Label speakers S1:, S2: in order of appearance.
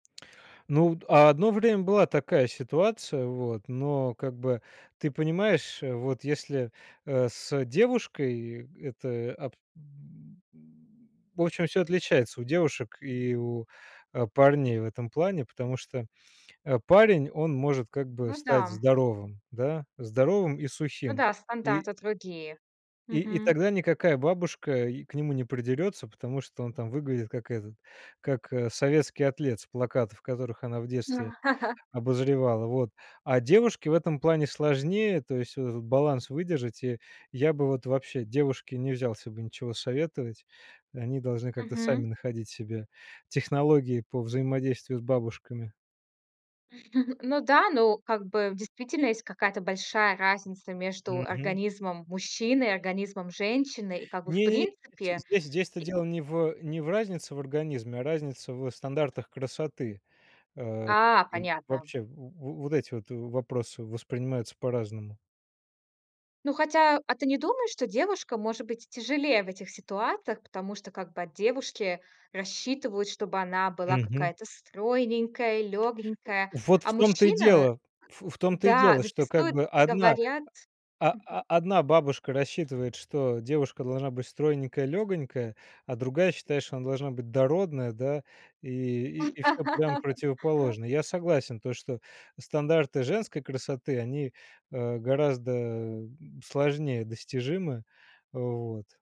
S1: Ну, вот одно время была такая ситуация, вот, но как бы, ты понимаешь, э, вот если, э, с девушкой это об м. В общем, всё отличается у девушек и у, э,
S2: Мгм.
S1: парней в этом плане. Потому что, э, парень, он может как бы
S2: Ну
S1: стать
S2: да.
S1: здоровым, да, здоровым и
S2: Ну
S1: сухим.
S2: да,
S1: И
S2: стандарты другие.
S1: и и
S2: Мгм.
S1: тогда никакая бабушка к нему не придерется. Потому что он там выглядит как этот, как, э, советский атлет с плакатов, которых она в детстве обозревала. Вот. А девушке в этом плане сложнее, то есть вот этот баланс выдержать. И я бы вот вообще девушке не взялся бы ничего советовать. Они должны как-то сами
S2: Мгм.
S1: находить себе технологии по взаимодействию с бабушками.
S2: Ну да, ну, как бы действительно есть какая-то большая разница между
S1: Мгм.
S2: организмом мужчины и организмом женщины. И как бы, в
S1: Не-не-не,
S2: принципе,
S1: здесь, здесь-то
S2: и
S1: дело не в, э, не в разнице в организме, а разница в стандартах красоты. А,
S2: А,
S1: и
S2: понятно.
S1: вообще, в во вот эти вот в вопросы воспринимаются по-разному.
S2: Ну, хотя, а ты не думаешь, что девушкам, может быть, тяжелее в этих ситуациях? Потому что как бы от девушки рассчитывают, чтобы она была
S1: Мгм.
S2: какая-то стройненькая,
S1: Э,
S2: лёгенькая.
S1: вот в
S2: А
S1: том-то и
S2: мужчина в э,
S1: дело, ф в том-то и
S2: да,
S1: дело, что как
S2: зачастую
S1: бы одна,
S2: говорят
S1: о о
S2: мгм.
S1: одна бабушка рассчитывает, что девушка должна быть стройненькая, лёгонькая. А другая считает, что она должна быть дородная, да, и и и всё прям противоположное. Я согласен, то, что стандарты женской красоты, они, э, гораздо, э, сложнее достижимы. Вот.